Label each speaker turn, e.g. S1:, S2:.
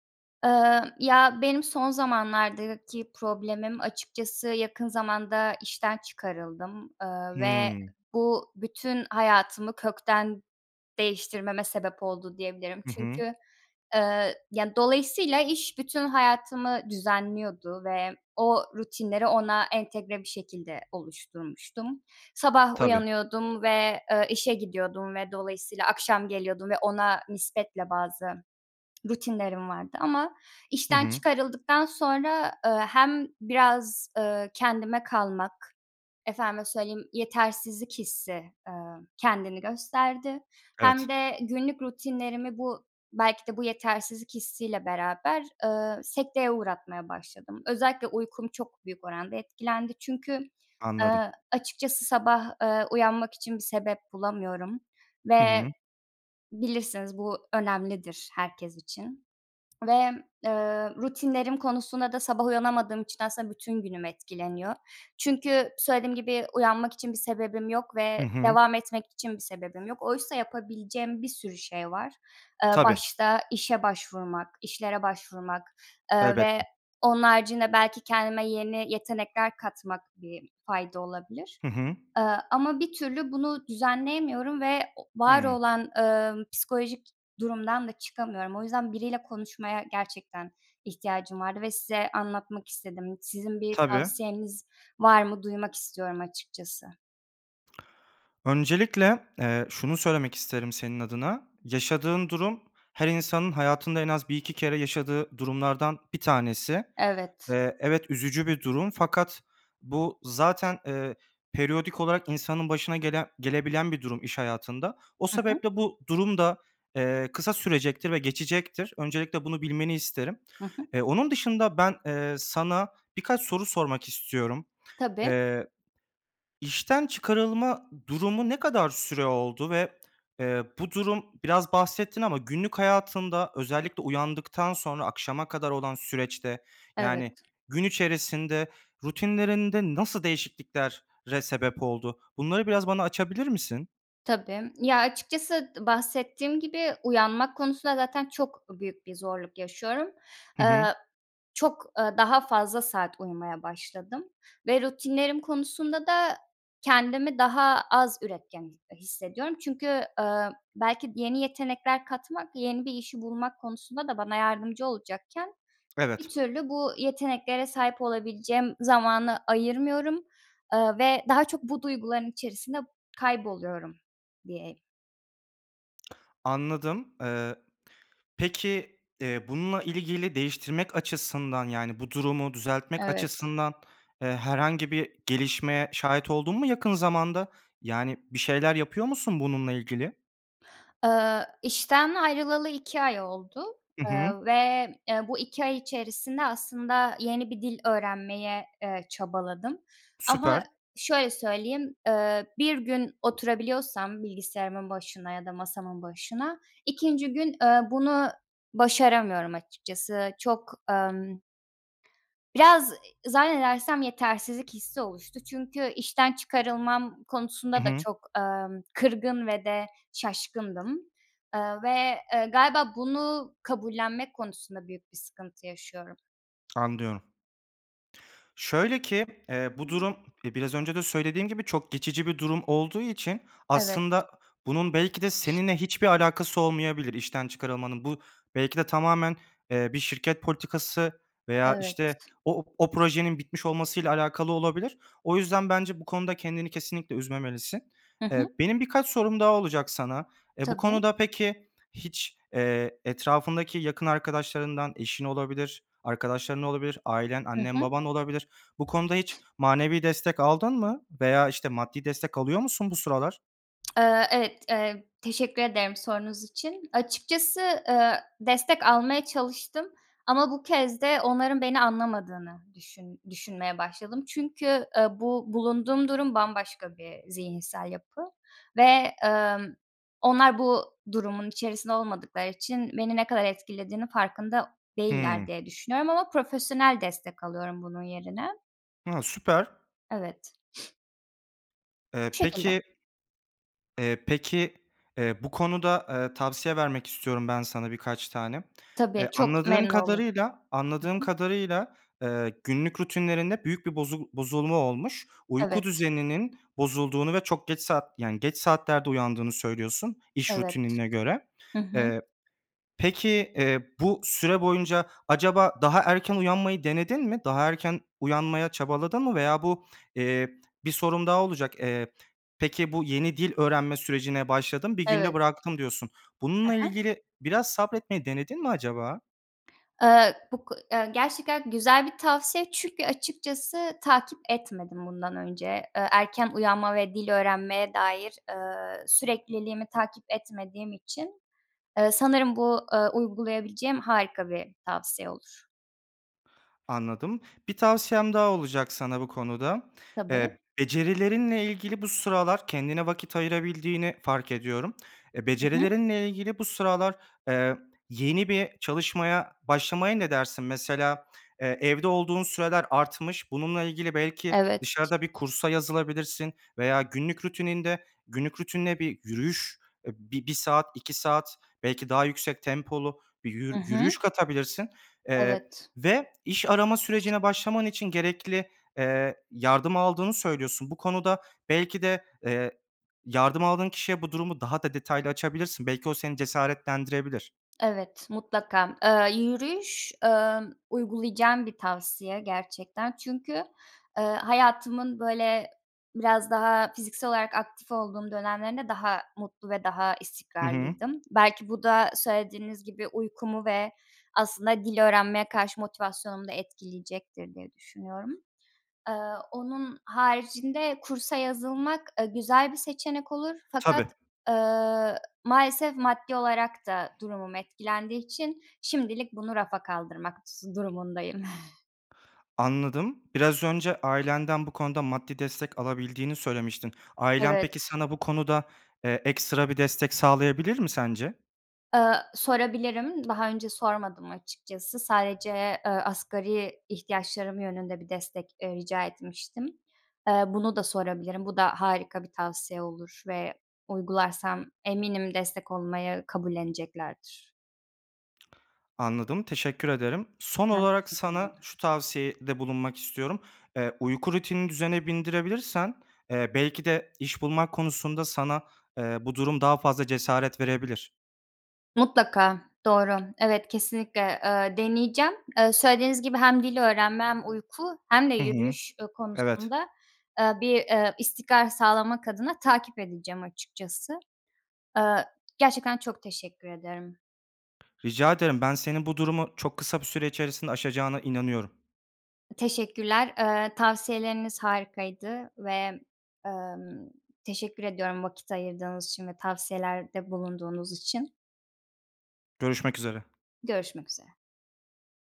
S1: Eee, ya, benim son zamanlardaki problemim açıkçası yakın zamanda işten çıkarıldım, eee, ve
S2: Hıı.
S1: bu bütün hayatımı kökten değiştirmeme sebep oldu diyebilirim.
S2: Hı hı.
S1: Çünkü, eee, ya, dolayısıyla iş bütün hayatımı düzenliyordu ve o rutinleri ona entegre bir şekilde oluşturmuştum. Sabah
S2: Tabii.
S1: uyanıyordum ve, eee, işe gidiyordum ve dolayısıyla akşam geliyordum ve ona nispetle bazı rutinlerim vardı ama
S2: Hı
S1: işten
S2: hı.
S1: çıkarıldıktan sonra, eee, hem biraz, eee, kendime kalmak efendime söyleyeyim, yetersizlik hissi, eee, kendini gösterdi. Hem
S2: Evet.
S1: de günlük rutinlerimi bu belki de bu yetersizlik hissiyle beraber, eee, sekteye uğratmaya başladım. Özellikle uykum çok büyük oranda etkilendi. Çünkü,
S2: Anladım.
S1: eee, açıkçası sabah, eee, uyanmak için bir sebep bulamıyorum
S2: Hı
S1: ve
S2: hı.
S1: bilirsiniz bu önemlidir herkes için ve, eee, rutinlerim konusuna da sabah uyanamadığım için aslında bütün günüm etkileniyor. Çünkü söylediğim gibi uyanmak için bir sebebim yok
S2: Hı
S1: ve
S2: hı.
S1: devam etmek için bir sebebim yok. Oysa yapabileceğim bir sürü şey var. Eee,
S2: Tabii.
S1: başta; işe başvurmak, işlere başvurmak, eee, ve
S2: Elbette.
S1: onun haricinde belki kendime yeni yetenekler katmak, bir fayda olabilir.
S2: Hı hı.
S1: Eee, ama bir türlü bunu düzenleyemiyorum ve o var
S2: Hıı.
S1: olan, eee, psikolojik durumdan da çıkamıyorum. O yüzden biriyle konuşmaya gerçekten ihtiyacım vardı ve size anlatmak istedim. Sizin bir
S2: Tabii.
S1: tavsiyeniz var mı? Duymak istiyorum açıkçası.
S2: Öncelikle, eee, şunu söylemek isterim senin adına. Yaşadığın durum her insanın hayatında en az 1-2 kere yaşadığı durumlardan bir tanesi.
S1: Evet.
S2: Eee, evet, üzücü bir durum fakat bu zaten, eee, periyodik olarak insanın başına gelen gelebilen bir durum iş hayatında. O
S1: Hı hı.
S2: sebeple bu durum da, eee, kısa sürecektir ve geçecektir. Öncelikle bunu bilmeni isterim.
S1: Hı hı.
S2: Eee, onun dışında ben, eee, sana birkaç soru sormak istiyorum.
S1: Tabii.
S2: Eee, işten çıkarılma durumu ne kadar süre oldu ve, eee, bu durum -biraz bahsettin ama günlük hayatında, özellikle uyandıktan sonra akşama kadar olan süreçte,
S1: Evet.
S2: yani, gün içerisinde rutinlerinde nasıl değişikliklere sebep oldu? Bunları biraz bana açabilir misin?
S1: Tabii. Ya, açıkçası d bahsettiğim gibi, uyanmak konusunda zaten çok büyük bir zorluk yaşıyorum.
S2: Hı hı.
S1: Aaa, çok, ııı, daha fazla saat uyumaya başladım ve rutinlerim konusunda da kendimi daha az üretken, eee, hissediyorum çünkü, aaa, belki yeni yetenekler katmak yeni bir işi bulmak konusunda da bana yardımcı olacakken, bir
S2: Evet.
S1: türlü bu yeteneklere sahip olabileceğim zamanı ayırmıyorum. Aaa, ve daha çok bu duyguların içerisinde kayboluyorum diye
S2: Anladım. Eee, peki, eee, bununla ilgili değiştirmek açısından, yani, bu durumu düzeltmek
S1: Evet.
S2: açısından, eee, herhangi bir gelişmeye şahit oldun mu yakın zamanda? Yani bir şeyler yapıyor musun bununla ilgili?
S1: Eee, işten ayrılalı 2 ay oldu,
S2: Hı
S1: eee,
S2: hı.
S1: ve, eee, bu 2 ay içerisinde aslında yeni bir dil öğrenmeye, eee, çabaladım. Ama
S2: Süper.
S1: şöyle söyleyeyim, eee, 1 gün oturabiliyorsam bilgisayarımın ya da masamın başına, 2’nci gün, eee, bunu başaramıyorum açıkçası. Çok, emm, biraz, zannedersem yetersizlik hissi oluştu. Çünkü işten çıkarılmam
S2: Hı
S1: konusunda da
S2: hı.
S1: çok, emm, kırgın ve de şaşkındım, eee, ve galiba bunu kabullenmek konusunda büyük bir sıkıntı yaşıyorum.
S2: Anlıyorum. Şöyle ki, eee, bu durum, eee, biraz önce de söylediğim gibi çok geçici bir durum olduğu için
S1: Evet.
S2: aslında bunun belki de seninle hiçbir alakası olmayabilir, işten çıkarılmanın. Bu belki de tamamen, eee, bir şirket politikası veya
S1: Evet.
S2: işte o o projenin bitmiş olmasıyla alakalı olabilir. O yüzden bence bu konuda kendini kesinlikle üzmemelisin.
S1: Hı
S2: Eee,
S1: hı.
S2: benim birkaç sorum daha olacak sana. Eee, bu
S1: Tabii.
S2: konuda peki hiç, eee, etrafındaki yakın arkadaşlarından; eşin olabilir, arkadaşların olabilir, ailen,
S1: Hı
S2: annen,
S1: hı.
S2: baban olabilir. Bu konuda hiç manevi destek aldın mı veya işte maddi destek alıyor musun bu sıralar?
S1: Iıı, evet, eee, teşekkür ederim sorunuz için. Açıkçası, ııı, destek almaya çalıştım ama bu kez de onların beni anlamadığını düşün düşünmeye başladım çünkü, ııı, bu bulunduğum durum bambaşka bir zihinsel yapı ve, ımm, onlar bu durumun içerisinde olmadıkları için beni ne kadar etkilediğinin farkında değiller
S2: Hımm.
S1: diye düşünüyorum ama profesyonel destek alıyorum bunun yerine.
S2: A! Süper.
S1: Evet.
S2: Eee,
S1: Bu şekilde.
S2: peki Eee, peki, eee, bu konuda, ııı, tavsiye vermek istiyorum ben sana birkaç tane. Eee,
S1: Tabii, çok
S2: anladığım
S1: memnun olurum.
S2: kadarıyla
S1: Hı
S2: anladığım
S1: hı.
S2: kadarıyla, ııı, günlük rutinlerinde büyük bir bozu bozulma olmuş. Uyku
S1: Evet.
S2: düzeninin bozulduğunu ve çok geç saat yani, geç saatlerde uyandığını söylüyorsun iş
S1: Evet.
S2: rutinine göre.
S1: Hı hı.
S2: Eee, peki, eee, bu süre boyunca acaba daha erken uyanmayı denedin mi? Daha erken uyanmaya çabaladın mı veya bu, eee, bir sorum daha olacak. Eee, peki, bu yeni dil öğrenme sürecine başladım 1 günde
S1: Evet.
S2: bıraktım, diyorsun.
S1: He
S2: Bununla
S1: he.
S2: ilgili biraz sabretmeyi denedin mi acaba?
S1: Eee, bu ko eee, gerçekten güzel bir tavsiye. Çünkü açıkçası takip etmedim bundan önce. Eee, erken uyanma ve dil öğrenmeye dair, eee, sürekliliğimi takip etmediğim için, eee, sanırım bu, ııı, uygulayabileceğim harika bir tavsiye olur.
S2: Anladım. Bir tavsiyem daha olacak sana bu konuda.
S1: Tabii.
S2: Eee, becerilerinle ilgili bu sıralar kendine vakit ayırabildiğini fark ediyorum. Eee,
S1: I hı.
S2: becerilerinle ilgili bu sıralar, eee, yeni bir çalışmaya başlamaya ne dersin? Mesela, eee, evde olduğun süreler artmış bununla ilgili belki
S1: Evet.
S2: dışarıda bir kursa yazılabilirsin veya günlük rutininde, günlük rutinine bir yürüyüş bi bir saat, 2 saat belki daha yüksek tempolu bir
S1: I
S2: yürü
S1: hı.
S2: yürüyüş katabilirsin, eee,
S1: Evet.
S2: ve iş arama sürecine başlaman için gerekli, eee, yardım aldığını söylüyorsun. Bu konuda belki de, eee, yardım aldığın kişiye bu durumu daha da detaylı açabilirsin. Belki o seni cesaretlendirebilir.
S1: Evet, mutlaka. Eee, yürüyüş, eee, uygulayacağım bir tavsiye gerçekten. Çünkü, eee, hayatımın, böyle, biraz daha fiziksel olarak aktif olduğum dönemlerinde daha mutlu ve daha
S2: Hı hı.
S1: istikrarlıydım. Belki bu da söylediğiniz gibi uykumu ve aslında dil öğrenmeye karşı motivasyonumu da etkileyecektir diye düşünüyorum. Eee, onun haricinde kursa yazılmak, eee, güzel bir seçenek olur fakat,
S2: Tabii.
S1: eee, maalesef maddi olarak da durumum etkilendiği için şimdilik bunu rafa kaldırmak sı durumundayım.
S2: Anladım. Biraz önce ailenden bu konuda maddi destek alabildiğini söylemiştin. Ailen, peki,
S1: Evet.
S2: sana bu konuda, eee, ekstra bir destek sağlayabilir mi sence?
S1: Eee, sorabilirim. Daha önce sormadım açıkçası. Sadece, eee, asgari ihtiyaçlarım yönünde bir destek, eee, rica etmiştim. Eee, bunu da sorabilirim. Bu da harika bir tavsiye olur ve uygularsam eminim destek olmayı kabulleneceklerdir.
S2: Anladım, teşekkür ederim. Son
S1: Ben
S2: olarak
S1: teşekkür
S2: sana
S1: ederim.
S2: şu tavsiyede bulunmak istiyorum. Eee, uyku rutini düzene bindirebilirsen, eee, belki de iş bulmak konusunda sana, eee, bu durum daha fazla cesaret verebilir.
S1: Mutlaka, doğru. Evet, kesinlikle, eee, deneyeceğim. Eee, söylediğiniz gibi hem dil öğrenme hem uyku hem de
S2: Hı hı.
S1: yürüyüş, eee,
S2: Evet.
S1: konusunda, eee, bir, eee, istikrar sağlamak adına takip edeceğim açıkçası. Eee, gerçekten çok teşekkür ederim.
S2: Rica ederim. Ben, senin bu durumu çok kısa bir süre içerisinde aşacağına inanıyorum.
S1: Teşekkürler. Eee, tavsiyeleriniz harikaydı ve, emm, teşekkür ediyorum; vakit ayırdığınız için ve tavsiyelerde bulunduğunuz için.
S2: Görüşmek üzere.
S1: Görüşmek üzere.